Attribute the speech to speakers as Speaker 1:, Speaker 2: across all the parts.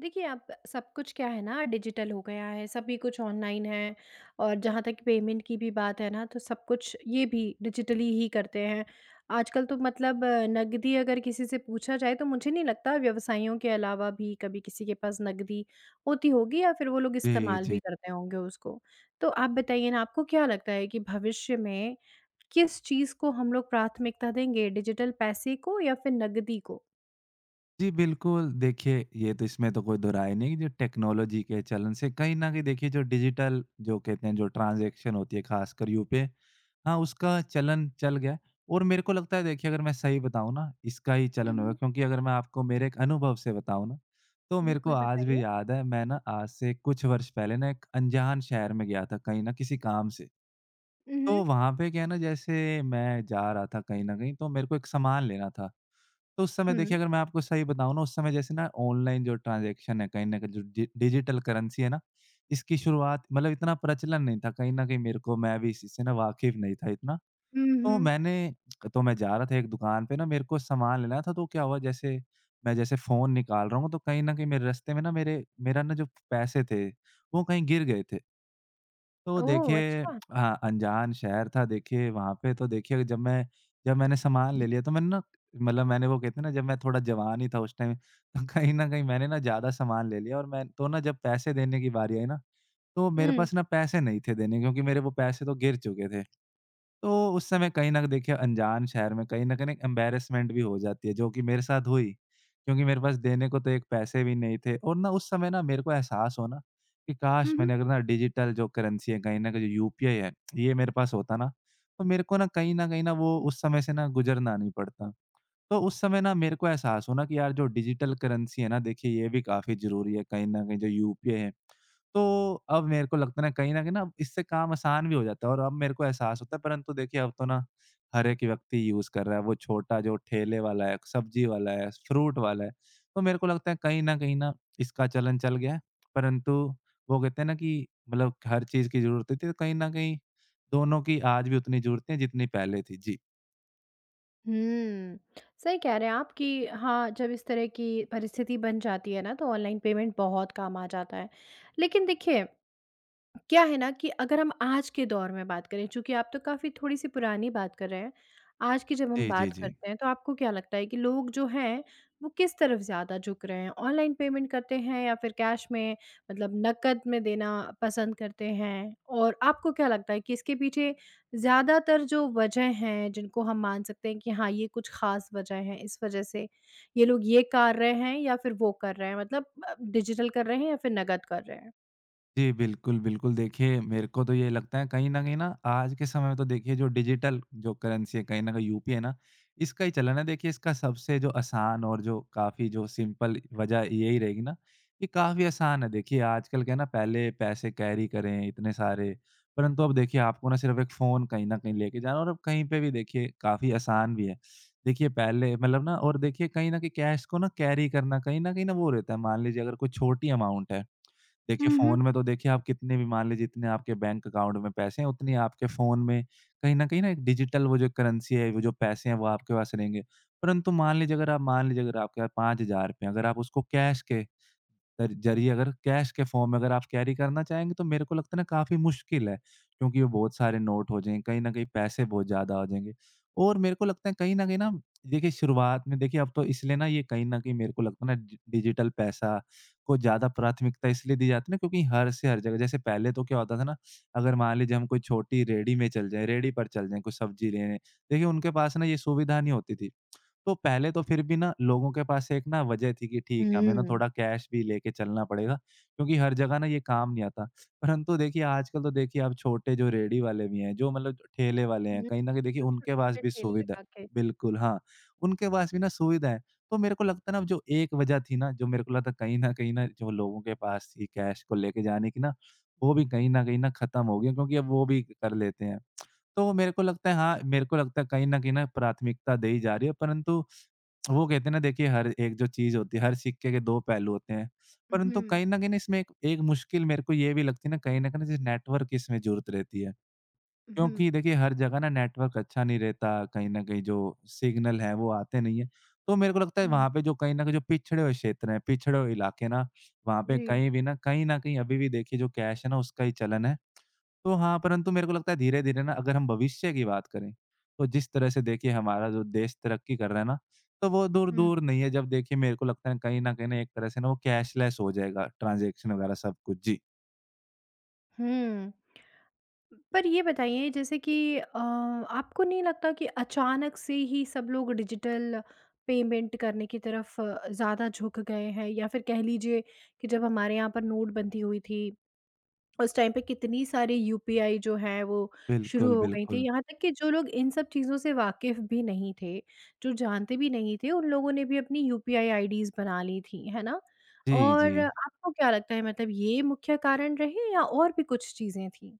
Speaker 1: देखिए अब सब कुछ क्या है ना डिजिटल हो गया है सभी कुछ ऑनलाइन है। और जहाँ तक पेमेंट की भी बात है ना, तो सब कुछ ये भी डिजिटली ही करते हैं। आजकल तो मतलब नकदी अगर किसी से पूछा जाए तो मुझे नहीं लगता व्यवसाइयों के अलावा भी कभी किसी के पास नकदी होती होगी या फ़िर वो लोग
Speaker 2: जी,
Speaker 1: इस्तेमाल भी
Speaker 2: जी।
Speaker 1: करते होंगे उसको। तो आप बताइए ना आपको क्या लगता है कि भविष्य में किस चीज़ को हम लोग प्राथमिकता देंगे डिजिटल पैसे को या फ़िर नकदी को?
Speaker 2: जी बिल्कुल। देखिए ये तो इसमें तो कोई दोहराय नहीं जो टेक्नोलॉज़ी के चलन से कहीं न कहीं देखिए जो डिजिटल जो कहते हैं जो ट्रांज़ेक्शन होती है ख़ासकर यूपीआई हाँ, उसका चलन चल गया। और मेरे को लगता है देखिए अगर मैं सही बताऊँ ना इसका ही चलन होगा
Speaker 1: उहुँ।
Speaker 2: क्योंकि अगर मैं आपको मेरे एक अनुभव से बताऊँ ना तो मेरे को
Speaker 1: बिल्कुल
Speaker 2: आज भी
Speaker 1: बताइए।
Speaker 2: याद है मैं ना आज से कुछ वर्ष पहले ना एक अंजान शहर में गया था कहीं न किसी काम से। तो
Speaker 1: उहुँ।
Speaker 2: वहाँ पे क्या है ना, जैसे मैं जा रहा था कहीं न कहीं तो मेरे को एक सामान लेना था। तो उस समय
Speaker 1: हुँ।
Speaker 2: देखिए अगर मैं आपको सही बताऊँ ना उस समय जैसे ना ऑनलाइन जो ट्रांजेक्शन है कहीं न कहीं जो डि डिजिटल करेंसी है ना, इसकी शुरुआत मतलब इतना प्रचलन नहीं था कहीं न कहीं मेरे को मैं भी इसी से वाकिफ़ नहीं था इतना।
Speaker 1: उम,
Speaker 2: तो
Speaker 1: हुँ।
Speaker 2: मैंने तो मैं जा रहा था एक दुकान पे ना मेरे को सामान लेना था तो क्या हुआ जैसे मैं जैसे फ़ोन निकाल रहा हूँ तो कहीं न कहीं मेरे रास्ते में ना मेरे मेरा ना जो पैसे थे वो कहीं गिर गए थे। तो
Speaker 1: ओह
Speaker 2: देखिए
Speaker 1: अच्छा!
Speaker 2: हाँ, अंजान शहर था देखिए वहाँ पे तो देखिए जब मैं जब मैंने सामान ले लिया तो मैंने ना मतलब मैंने वो कहते है ना, जब मैं थोड़ा जवान ही था उस टाइम तो कहीं न कहीं ना एक मैंने ना ज़्यादा सामान ले लिया और मैं तो ना जब पैसे देने की बारी आई ना तो मेरे
Speaker 1: उम
Speaker 2: पास ना पैसे नहीं थे देने के क्योंकि मेरे वो पैसे तो गिर चुके थे। तो उस समय कहीं न देखिए अंजान शहर में कहीं न कहीं एम्बैरेसमेंट हो जाती है जो कि मेरे साथ हुई। क्योंकि मेरे पास देने को तो एक पैसे भी नहीं थे और ना उस समय ना मेरे को एहसास होना कि काश!
Speaker 1: हुँ, हुँ।
Speaker 2: मैंने अगर ना डिजिटल जो करेंसी है कहीं न कहीं जो यूपीआई है ये मेरे पास होता ना, तो मेरे को ना कहीं न कहीं न वो उस समय से ना गुज़रना नहीं पड़ता। तो उस समय ना मेरे को एहसास हुआ ना कि यार जो डिजिटल करेंसी है ना देखिए ये भी काफ़ी ज़रूरी है कहीं न कहीं जो यूपीआई है। तो अब मेरे को लगता है कहीं न कहीं न अब इससे काम आसान भी हो जाता है और अब मेरे को एहसास होता है परंतु देखिए अब तो ना हर 1 व्यक्ति यूज़ कर रहा है वो छोटा जो ठेले वाला है, सब्ज़ी वाला है, फ्रूट वाला है, तो मेरे को लगता है कहीं न कहीं न इसका चलन चल गया है। परंतु वो कहते हैं ना, कि मतलब हर चीज़ की ज़रूरत होती है। तो कहीं न कहीं दोनों की आज भी उतनी ज़रूरत है जितनी पहले थी जी।
Speaker 1: हुँ। सही कह रहे हैं आप कि हाँ, जब इस तरह की परिस्थिति बन जाती है ना, तो ऑनलाइन पेमेंट बहुत काम आ जाता है। लेकिन देखिए क्या है ना, कि अगर हम आज के दौर में बात करें चूँकि आप तो काफ़ी थोड़ी-सी पुरानी बात कर रहे हैं। आज की जब हम
Speaker 2: जी, जी,
Speaker 1: बात
Speaker 2: जी।
Speaker 1: करते हैं तो आपको क्या लगता है कि लोग जो हैं वो किस तरफ ज़्यादा झुक रहे हैं? ऑनलाइन पेमेंट करते हैं या फ़िर कैश में मतलब नकद में देना पसंद करते हैं? और आपको क्या लगता है कि इसके पीछे ज़्यादातर जो वज़ह हैं जिनको हम मान सकते हैं कि हाँ, ये कुछ ख़ास वज़ह है इस वज़ह से ये लोग ये कार रहे हैं या फ़िर वो कर रहे हैं? मतलब अ, डिजिटल कर रहे हैं या फ़िर नकद कर रहे हैं?
Speaker 2: जी। बिल्कुल, बिल्कुल देखिए मेरे को तो ये लगता है। कहीं न कहीं न आज के समय में तो देखिए जो डिजिटल जो करेंसी है कहीं न कहीं यूपीआई है ना इसका ही चलन है। देखिए इसका सबसे जो आसान और जो काफ़ी जो सिंपल वज़ह यही रहेगी ना। ये काफ़ी आसान है देखिए, आजकल क्या है ना। पहले पैसे कैरी करें इतने सारे। परंतु अब देखिए आपको ना सिर्फ़ 1 फ़ोन कहीं न कहीं लेके जाना है और अब कहीं पे भी देखिए काफ़ी आसान भी है। देखिए पहले मतलब ना और देखिए कहीं न कहीं कैश को ना कैरी करना कहीं न कहीं न वो रहता है। मान लीजिए अगर कोई छोटी अमाउंट है। देखिए
Speaker 1: उहुँ।
Speaker 2: फ़ोन में तो देखिए आप कितने भी मान लीजिए जितने आपके बैंक अकाउंट में पैसे हैं उतने आपके फ़ोन में कहीं न कहीं न एक डिजिटल वो जो करेंसी है वो जो पैसे हैं वो आपके पास रहेंगे। परंतु मान लीजिए अगर आप मान लीजिए अगर आपके पास 5,000 है अगर आप उसको कैश के कर ज़रिए अगर कैश के फ़ॉर्म में अगर आप कैरी करना चाहेंगे तो मेरे को लगता है ना काफ़ी मुश्किल है। क्योंकि वो बहुत सारे नोट हो जाएँगे, कहीं न कहीं पैसे बहुत ज़्यादा हो जाएँगे। और मेरे को लगता है कहीं न कहीं न देखिए शुरुआत में देखिए अब तो इसलिए ना ये कहीं न कहीं मेरे को लगता है ना डि डिजिटल पैसा को ज़्यादा प्राथमिकता इसलिए दी जाती है ना, क्योंकि हर से हर जगह जैसे पहले तो क्या होता था ना अगर मान लीजिए हम कोई छोटी रेहड़ी में चले जाएँ रेहड़ी पर चल जाए कुछ सब्ज़ी लेने। देखिए उनके पास ना ये सुविधा नहीं होती थी। तो पहले तो फ़िर भी ना लोगों के पास एक ना वज़ह थी कि ठीक है हमें ना
Speaker 1: हुँ।
Speaker 2: थोड़ा कैश भी लेके चलना पड़ेगा क्योंकि हर जगह ना ये काम नहीं आता। परंतु देखिए आजकल तो देखिए अब छोटे जो रेहड़ी वाले भी हैं जो मतलब ठेले वाले
Speaker 1: हुँ।
Speaker 2: हैं कहीं न कहीं देखिए
Speaker 1: उम,
Speaker 2: उनके पास
Speaker 1: छोटे-छोटे
Speaker 2: भी
Speaker 1: ठेली
Speaker 2: सुविधा
Speaker 1: लगा के।
Speaker 2: बिल्कुल, हाँ। उनके पास भी ना सुविधा है। तो मेरे को लगता है ना अब जो एक वज़ह थी ना, जो मेरे को लगता है कहीं न कहीं न जो लोगों के पास थी कैश को लेके जाने की ना वो भी कहीं न कहीं न ख़त्म हो गई है क्योंकि अब वो भी कर लेते हैं। तो मेरे को लगता है हाँ, मेरे को लगता है कहीं न कहीं न प्राथमिकता दी जा रही है। परंतु वो कहते हैं ना देखिए हर एक जो चीज़ होती है हर सिक्के के दो पहलू होते हैं। परंतु
Speaker 1: उहुँ।
Speaker 2: कहीं न कहीं इसमें एक एक मुश्किल मेरे को ये भी लगती है ना कहीं न कहीं जैसे नेटवर्क की इसमें ज़रूरत रहती है।
Speaker 1: उहुँ।
Speaker 2: क्योंकि देखिए हर जगह ना नेटवर्क अच्छा नहीं रहता। कहीं न कहीं जो सिग्नल है वो आते नहीं है। तो मेरे को लगता है
Speaker 1: हुँ।
Speaker 2: वहाँ पे जो कहीं न कहीं जो पिछड़े हुए क्षेत्र हैं पिछड़े हुए इलाके ना वहाँ पे
Speaker 1: जी।
Speaker 2: कहीं भी न, कहीं न कहीं अभी भी देखिए जो कैश है ना उसका ही चलन है। तो हाँ, परंतु मेरे को लगता है धीरे-धीरे ना अगर हम भविष्य की बात करें तो जिस तरह से देखिए हमारा जो देश तरक्की कर रहा है ना तो वो दूर
Speaker 1: हुँ।
Speaker 2: दूर नहीं है जब देखिए मेरे को लगता है कहीं न कहीं एक तरह से ना वो कैशलेस हो जाएगा। ट्रांज़ेक्शन वग़ैरह सब कुछ। जी।
Speaker 1: हुँ। पर ये बताइए जैसे कि अ आपको नहीं लगता कि अचानक से ही सब लोग डिजिटल पेमेंट करने की तरफ अ, ज़्यादा झुक गए हैं या फिर कह लीजिए कि जब हमारे यहाँ पर नोटबंदी हुई थी, उस टाइम पे कितनी सारी यूपीआई जो हैं वो शुरू
Speaker 2: बिल्कुल,
Speaker 1: हो गई
Speaker 2: बिल्कुल।
Speaker 1: थीं। यहाँ तक कि जो लोग इन सब चीज़ों से वाकिफ़ भी नहीं थे, जो जानते भी नहीं थे, उन लोगों ने भी अपनी यूपीआई आईडीज़ बना लीं थीं। है ना?
Speaker 2: जी,
Speaker 1: और
Speaker 2: जी।
Speaker 1: आपको क्या लगता है मतलब ये मुख्य कारण रहे या और भी कुछ चीज़ें थीं?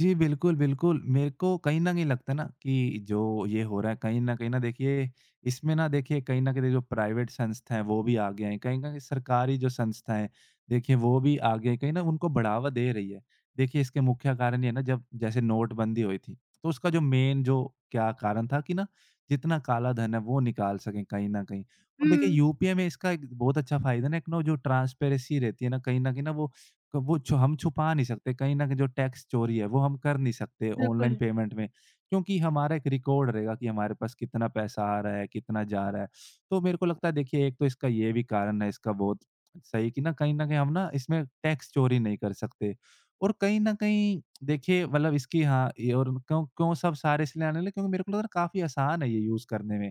Speaker 2: जी, बिल्कुल, बिल्कुल। मेरे को कहीं न कहीं लगता ना कि जो ये हो रहा है कहीं न कहीं ना देखिए इसमें ना देखिए कहीं न कहीं दे जो प्राइवेट संस्था हैं वो भी आगे हैं। कहीं न कहीं सरकारी जो संस्थाएँ हैं देखिए, वो भी आगे हैं, कहें ना उनको बढ़ावा दे रही है। देखिए इसके मुख्य कारण ये है ना जब जैसे नोटबंदी हुई थी तो उसका जो मेन जो क्या कारण था कि ना जितना काला धन है वो निकाल सकें कहीं न कहीं। और देखिए
Speaker 1: हुँ।
Speaker 2: यूपीआई में इसका एक बहुत अच्छा फ़ायदा है एक ना जो ट्रांसपेरेंसी रहती है ना कहीं न कहीं ना वो। क वो जो हम छुपा नहीं सकते कहीं न कहीं जो टैक्स चोरी है वो हम कर नहीं सकते ऑनलाइन
Speaker 1: बिल्कुल।
Speaker 2: पेमेंट में। क्योंकि हमारा एक रिकॉर्ड रहेगा कि हमारे पास कितना पैसा आ रहा है, कितना जा रहा है। तो मेरे को लगता है देखिए एक तो इसका ये भी कारण है। इसका बहुत, सही कि ना कहीं न कहीं हम ना इसमें टैक्स चोरी नहीं कर सकते और कहीं न कहीं देखिए मतलब इसकी हाँ, ये और क्यों क्यों सब सारे इसलिए आने लगे क्योंकि मेरे को लग रहा है काफ़ी आसान है ये यूज़ करने में।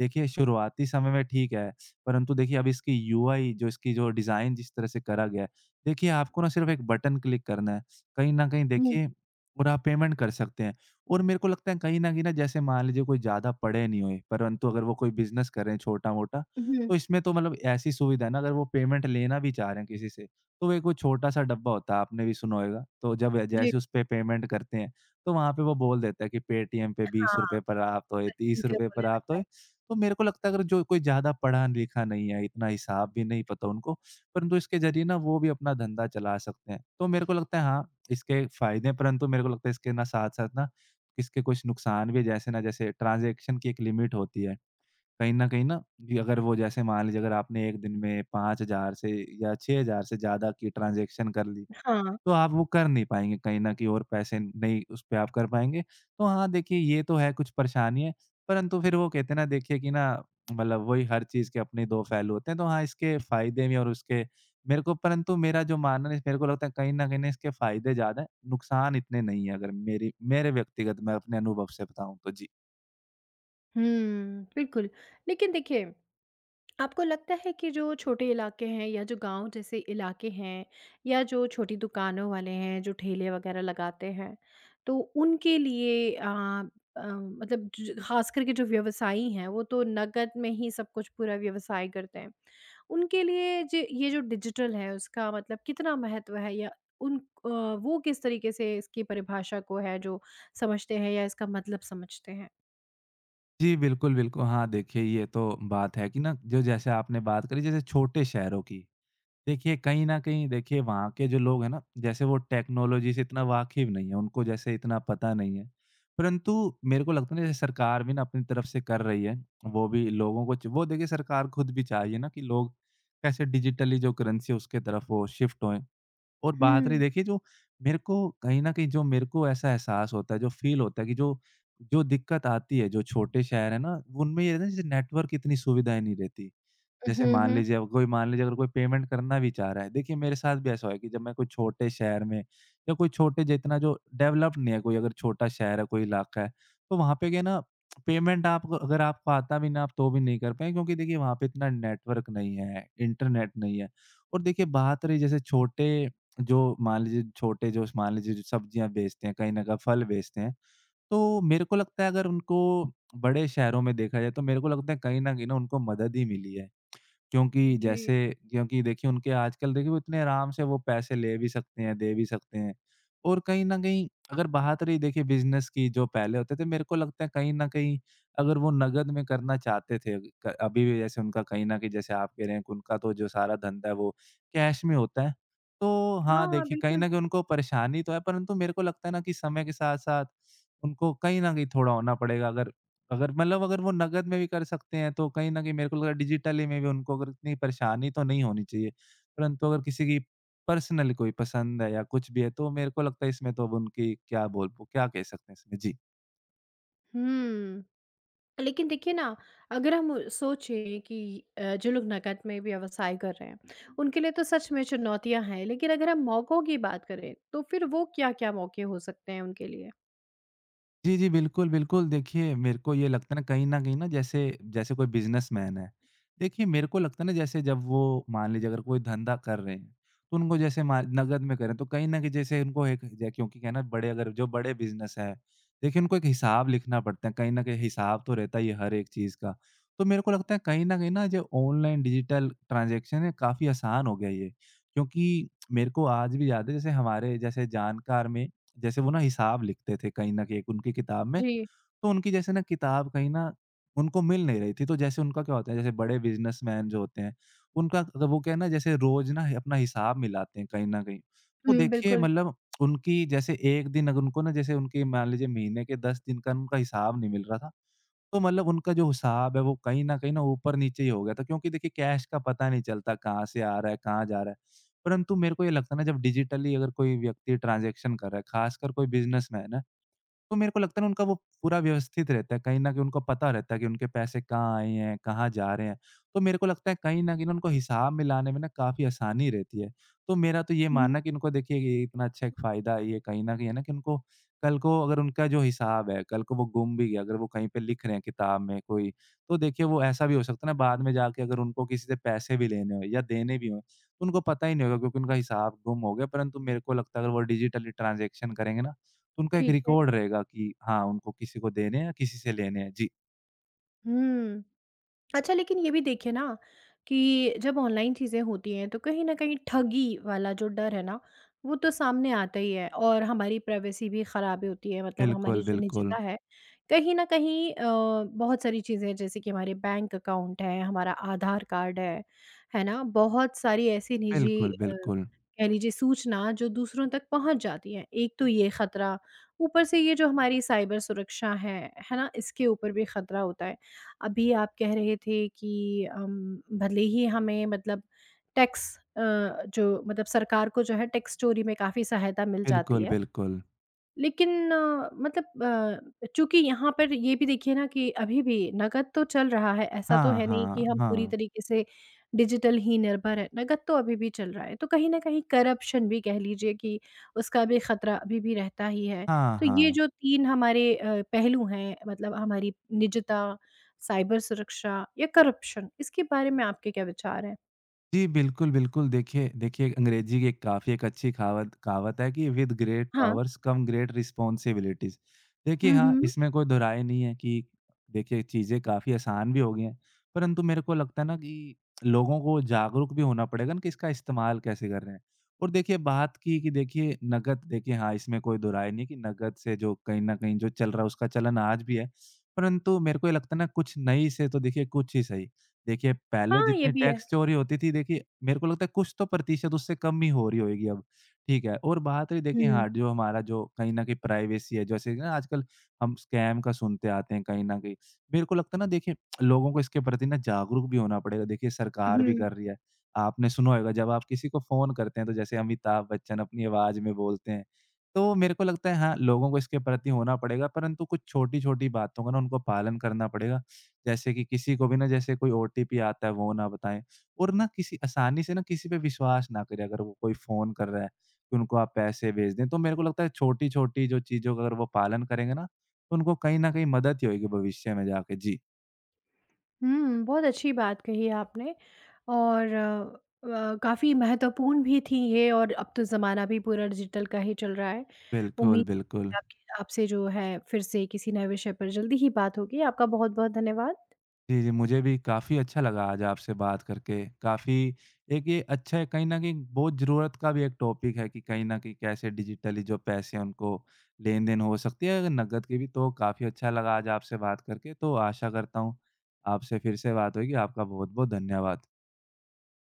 Speaker 2: देखिए, शुरुआती समय में ठीक है। परंतु देखिए अब इसकी यूआई जो इसकी जो डिज़ाइन जिस तरह से करा गया है। देखिए आपको ना सिर्फ एक बटन क्लिक करना है। कहीं न कहीं
Speaker 1: हुँ।
Speaker 2: देखिए और आप पेमेंट कर सकते हैं और मेरे को लगता है कहीं न कहीं जैसे मान लीजिए कोई ज़्यादा पढ़े नहीं हुए परंतु अगर वो कोई बिज़नेस कर रहे हैं छोटा-मोटा।
Speaker 1: उहुँ।
Speaker 2: तो इसमें तो मतलब ऐसी सुविधा है ना अगर वो पेमेंट लेना भी चाह रहे हैं किसी से तो एक वो छोटा-सा डब्बा होता है आपने भी सुना होयगा। तो जब
Speaker 1: जी।
Speaker 2: जैसे उसपे पेमेंट करते हैं तो वहाँ पे वो बोल देता है कि "पेटीएम पे
Speaker 1: अ,
Speaker 2: 20
Speaker 1: हाँ।
Speaker 2: रुपए प्राप्त होए।
Speaker 1: [unintelligible]
Speaker 2: 30
Speaker 1: के
Speaker 2: रुपए
Speaker 1: बोलने
Speaker 2: प्राप्त
Speaker 1: लगता
Speaker 2: होए।"
Speaker 1: है।
Speaker 2: तो मेरे को लगता है अगर जो कोई ज़्यादा पढ़ा-लिखा नहीं है इतना हिसाब भी नहीं पता उनको। परंतु इसके ज़रिए ना वो भी अपना धंधा चला सकते हैं। तो मेरे को लगता है हाँ इसके फ़ायदे हैं। परंतु मेरे को लगता है इसके ना साथ-साथ ना इसके कुछ नुकसान भी हैं। जैसे ना जैसे ट्रांजेक्शन की एक लिमिट होती है। कहीं न कहीं ना दी अगर वो जैसे मान लीजिए अगर आपने 1 दिन में 5000 से या 6000 से ज़्यादा की ट्रांजेक्शन कर ली।
Speaker 1: अ, हाँ।
Speaker 2: तो आप वो कर नहीं पाएँगे कहीं न कहीं और पैसे नहीं उस पे आप कर पाएँगे। तो हाँ देखिए ये तो है कुछ परेशानी है। परंतु फिर वो कहते हैं ना देखिए कि ना मतलब वही हर चीज़ के अपने दो पहलू होते हैं। तो हाँ इसके फ़ायदे भी और उसके मेरे को परंतु मेरा जो मानना है मेरे को लगता है कहीं न कहीं ना इसके फ़ायदे ज़्यादा है, नुकसान इतने नहीं है अगर मेरी मेरे व्यक्तिगत मैं अपने अनुभव से बताऊँ तो। जी।
Speaker 1: हुँ बिल्कुल। लेकिन देखिए आपको लगता है कि जो छोटे इलाके हैं या जो गाँव जैसे इलाके हैं, या जो छोटी दुकानों वाले हैं जो ठेले वग़ैरह लगाते हैं तो उनके लिए अ अ, मतलब ज ज ख़ासकर के जो व्यवसायी हैं वो तो नकद में ही सब कुछ पूरा व्यवसाय करते हैं। उनके लिए ज ये जो डिजिटल है उसका मतलब कितना महत्त्व है? या उन अ, वो किस तरीके से इसकी परिभाषा को है जो समझते हैं या इसका मतलब समझते हैं?
Speaker 2: जी बिल्कुल, बिल्कुल। हाँ, देखिए ये तो बात है कि ना जो जैसे आपने बात करी जैसे छोटे शहरों की। देखिए कहीं न कहीं देखिए वहाँ के जो लोग है ना जैसे वो टेक्नोलॉजी से इतना वाकिफ़ नहीं है उनको जैसे इतना पता नहीं है। परंतु मेरे को लगता है ना सरकार भी ना अपनी तरफ से कर रही है। वो भी लोगों को च वो देखिए सरकार ख़ुद भी चाह रही है ना कि लोग कैसे डिजिटली जो करेंसी है उसके तरफ वो शिफ्ट होएँ। और बात रही
Speaker 1: हुँ।
Speaker 2: देखिए जो मेरे को कहीं न कहीं जो मेरे को ऐसा एहसास होता है जो फ़ील होता है कि जो जो दिक्कत आती है जो छोटे शहर हैं ना उनमें ये रहता है जैसे नेटवर्क इतनी सुविधाएँ नहीं रहती।
Speaker 1: अ,
Speaker 2: जैसे
Speaker 1: हुँ,
Speaker 2: मान
Speaker 1: हुँ।
Speaker 2: लीजिए अब कोई मान लीजिए अगर कोई पेमेंट करना भी चाह रहा है देखिए मेरे साथ भी ऐसा हुआ है कि जब मैं कोई छोटे शहर में या कोई छोटे जितना जो डेवलप नहीं है कोई अगर छोटा शहर है कोई इलाका है तो वहाँ पे क्या है ना पेमेंट आपको अगर आपको आता भी ना आप तो भी नहीं कर पाए। क्योंकि देखिए वहाँ पे इतना नेटवर्क नहीं है इंटरनेट नहीं है। और देखिए बात रही जैसे छोटे जो मान लीजिए छोटे जो स मान लीजिए जो सब्ज़ियाँ बेचते हैं कहीं न कहीं फल बेचते हैं तो मेरे को लगता है अगर उनको बड़े शहरों में देखा जाए तो मेरे को लगता है कहीं न कहीं उनको मदद ही मिली है। क्योंकि
Speaker 1: जी।
Speaker 2: जैसे क्योंकि देखिए उनके आजकल देखिए वो इतने आराम से वो पैसे ले भी सकते हैं दे भी सकते हैं। और कहीं न कहीं अगर बात रही देखिए बिज़नस की जो पहले होते थे मेरे को लगता है कहीं न कहीं अगर वो नकद में करना चाहते थे क अभी भी जैसे उनका कहीं न कहीं जैसे आप कह रहे हैं उनका तो जो सारा धंधा है वो कैश में होता है। तो हाँ,
Speaker 1: हाँ,
Speaker 2: देखिए कहीं
Speaker 1: बिल्कुल।
Speaker 2: न कहीं उनको परेशानी तो है परंतु मेरे को लगता है ना कि समय के साथ-साथ उनको कहीं न कहीं थोड़ा होना पड़ेगा। अगर अगर मतलब अगर वो नकद में भी कर सकते हैं तो कहीं न कहीं मेरे को लगा डिजिटली में भी उनको अगर इतनी परेशानी तो नहीं होनी चाहिए। परंतु अगर किसी की पर्सनल कोई पसंद है या कुछ भी है तो मेरे को लगता है इसमें तो अब उनकी क्या बोल? उ क्या कह सकते हैं इसमें। जी।
Speaker 1: हुँ। लेकिन देखिए ना, अगर हम सोचें कि अ, जो लोग नकद में व्यवसाय कर रहे हैं, उनके लिए तो सच में चुनौतियाँ हैं। लेकिन अगर हम मौकों की बात करें, तो फ़िर वो क्या-क्या मौके हो सकते हैं उनके लिए?
Speaker 2: जी, जी। बिल्कुल, बिल्कुल, देखिए, मेरे को ये लगता है ना, कहीं न कहीं ना जैसे जैसे कोई बिज़नेसमैन है। देखिए, मेरे को लगता है ना जैसे जब वो, मान लीजिए अगर कोई धंधा कर रहे हैं। तो उनको जैसे मार नगद में कर रहे, तो कहीं न कहीं जैसे उनको एक ज क्योंकि क्या है ना, बड़े अगर, जो बड़े बिज़नेस है देखिए, उनको एक हिसाब लिखना पड़ता है कहीं न कहीं हिसाब तो रहता ही है हर एक चीज़ का। तो मेरे को लगता है कहीं न कहीं ना जो ऑनलाइन डिजिटल ट्रांज़ैक्शन है, काफ़ी आसान हो गया है ये। क्योंकि मेरे को आज भी याद है, जैसे हमारे जैसे जानकार में जैसे वो ना हिसाब लिखते थे कहीं न कहीं उनकी किताब में।
Speaker 1: जी।
Speaker 2: तो उनकी जैसे ना किताब कहीं ना, उनको मिल नहीं रही थी। तो जैसे उनका क्या होता है, जैसे बड़े बिज़नेसमैन जो होते हैं, उनका मतलब तो वो क्या है ना जैसे रोज़ ना, अपना हिसाब मिलाते हैं कहीं न कहीं। तो
Speaker 1: हुँ।
Speaker 2: देखिए,
Speaker 1: बिल्कुल।
Speaker 2: मतलब उनकी जैसे 1 दिन अगर उनको ना जैसे उनकी मान लीजिए महीने के 10 दिन का उनका हिसाब नहीं मिल रहा था। तो मतलब उनका जो हिसाब है, वो कहीं न कहीं ना ऊपर-नीचे ही हो गया था। क्योंकि देखिए कैश का पता नहीं चलता कहाँ से आ रहा है, कहाँ जा रहा है। परंतु मेरे को ये लगता है ना जब डिजिटली अगर कोई व्यक्ति ट्रांज़ैक्शन कर रहा है, ख़ासकर कोई बिज़नेसमैन है, तो मेरे को लगता है ना उनका वो पूरा व्यवस्थित रहता है। कहीं न कहीं उनको पता रहता है कि उनके पैसे कहाँ आए हैं, कहाँ जा रहे हैं। तो मेरे को लगता है कहीं न कहीं ना उनको हिसाब मिलाने में ना काफ़ी आसानी रहती है। तो मेरा तो ये
Speaker 1: हुँ,
Speaker 2: मानना
Speaker 1: हुँ।
Speaker 2: है, कि उनको देखिए ये इतना अच्छा एक फ़ायदा है ये कहीं न कहीं। है ना? कि उनको कल को अगर उनका जो हिसाब है, कल को वो गुम भी गया, अगर वो कहीं पे लिख रहे हैं किताब में कोई। तो देखिए, वो ऐसा भी हो सकता है ना बाद में जाके अगर उनको किसी से पैसे भी लेने हो या देने भी हों, उनको पता ही नहीं होगा क्योंकि उनका हिसाब गुम हो गया। परंतु मेरे को लगता है अगर वो डिजिटली ट्रांज़ैक्शन करेंगे ना, तो उनका एक
Speaker 1: ठीक है।
Speaker 2: रिकॉर्ड रहेगा कि हाँ, उनको किसी को देने है या किसी से लेने है। जी।
Speaker 1: हुँ। अच्छा लेकिन ये भी देखिए ना कि जब ऑनलाइन चीज़ें होती हैं तो कहीं न कहीं ठगी वाला जो डर है ना वो तो सामने आता ही है और हमारी प्राइवेसी भी ख़राब होती है। मतलब हमारी
Speaker 2: बिल्कुल,
Speaker 1: जो
Speaker 2: बिल्कुल।
Speaker 1: निजता है कहीं न कहीं अ, बहुत सारी चीज़ें हैं जैसे कि हमारे बैंक अकाउंट हें हमारा आधार कार्ड है। है ना? बहुत सारी ऐसी निजी
Speaker 2: बिल्कुल,
Speaker 1: अ,
Speaker 2: बिल्कुल।
Speaker 1: कह लीजिए सूचना जो दूसरों तक पहुँच जाती है एक तो ये ख़तरा। ऊपर से ये जो हमारी साइबर सुरक्षा है। है ना? इसके ऊपर भी ख़तरा होता है। अभी आप कह रहे थे कि अ, भले ही हमें मतलब टैक्स अ, जो मतलब सरकार को जो है टैक्स चोरी में काफ़ी सहायता मिल जाती
Speaker 2: बिल्कुल,
Speaker 1: है।
Speaker 2: बिल्कुल।
Speaker 1: लेकिन अ, मतलब अ, चूँकि यहाँ पर ये भी देखिए ना कि अभी भी नगद तो चल रहा है ऐसा तो
Speaker 2: हाँ,
Speaker 1: है नहीं कि
Speaker 2: हाँ,
Speaker 1: हम पूरी
Speaker 2: हाँ।
Speaker 1: तरीके से डिजिटल ही निर्भर हैं। नकद तो अभी भी चल रहा है। तो कहीं न कहीं करप्शन भी कह लीजिए कि उसका भी ख़तरा अभी भी रहता ही है।
Speaker 2: हाँ,
Speaker 1: तो ये
Speaker 2: हाँ।
Speaker 1: जो 3 हमारे अ, पहलू हैं मतलब हमारी निजता साइबर सुरक्षा या करप्शन इसके बारे में आपके क्या विचार हैं?
Speaker 2: जी, बिल्कुल, बिल्कुल। देखिए देखिए, अंग्रेज़ी की एक काफ़ी एक अच्छी कहावत कहावत है कि "विद ग्रेट
Speaker 1: हाँ।
Speaker 2: Powers come great responsibilities." देखिए
Speaker 1: हुँ,
Speaker 2: हाँ,
Speaker 1: हुँ।
Speaker 2: इसमें कोई दो राय नहीं है कि देखिए, चीज़ें काफ़ी आसान भी हो गई हैं। परंतु मेरे को लगता है ना कि, लोगों को जागरूक भी होना पड़ेगा ना कि इसका इस्तेमाल कैसे कर रहे हैं और देखिए बात की, कि देखिए नक़द देखिए हाँ, इसमें कोई दो राय नहीं कि नक़द से जो कहीं न कहीं जो चल रहा है, उसका चलन आज भी है। परंतु मेरे को ये लगता है ना कुछ नहीं से तो देखिए कुछ ही सही। देखिए, पहले
Speaker 1: हाँ, ये
Speaker 2: जितनी
Speaker 1: भी है।
Speaker 2: टैक्स चोरी होती थी, देखिए, मेरे को लगता है कुछ तो प्रतिशत उससे कम ही हो रही होएगी अब। ठीक है? और बात रही देखिए
Speaker 1: हुँ।
Speaker 2: हाँ, जो हमारा जो कहीं न कहीं प्राइवेसी है। जैसे कि ना, आजकल हम स्कैम का सुनते आते हैं कहीं न कहीं। मेरे को लगता है ना, देखिए लोगों को इसके प्रति ना जागरूक भी होना पड़ेगा। देखिए, सरकार भी
Speaker 1: हुँ।
Speaker 2: कर रही है। आपने सुना होएगा जब आप किसी को फ़ोन करते हैं, तो जैसे अमिताभ बच्चन अपनी आवाज़ में बोलते हैं। तो मेरे को लगता है हाँ, लोगों को इसके प्रति होना पड़ेगा। परंतु कुछ छोटी-छोटी बातों का ना उनको पालन करना पड़ेगा। जैसे कि, किसी को भी ना जैसे कोई ओटीपी आता है वो ना बताएँ और ना किसी आसानी से ना किसी पे विश्वास ना करें अगर वो कोई फ़ोन कर रहा है, कि उनको आप पैसे भेज दें। तो मेरे को लगता है छोटी-छोटी जो चीज़ों का अगर वो पालन करेंगे ना, तो उनको कहीं न कहीं मदद ही होएगी भविष्य में जाके। जी।
Speaker 1: हुँ। बहुत अच्छी बात कही है आपने और अ, काफ़ी महत्वपूर्ण भी थीं ये और अब तो ज़माना भी पूरा डिजिटल का ही चल रहा है।
Speaker 2: बिल्कुल,
Speaker 1: उम्मीद
Speaker 2: बिल्कुल।
Speaker 1: है आपके आपसे जो है फिर से किसी नए विषय पर जल्दी ही बात होगी। आपका बहुत-बहुत धन्यवाद।
Speaker 2: जी, जी मुझे भी काफ़ी अच्छा लगा आज आपसे बात करके। काफ़ी, एक ये अच्छा है कहीं न कहीं बहुत ज़रूरत का भी एक टॉपिक है, कि कहीं न कहीं कैसे डिजिटली जो पैसे हैं उनको लेन-देन हो सकती है, अगर नकद की भी तो काफ़ी अच्छा लगा आज आपसे बात करके। तो आशा करता हूँ, आपसे फिर से बात होएगी। आपका बहुत-बहुत धन्यवाद।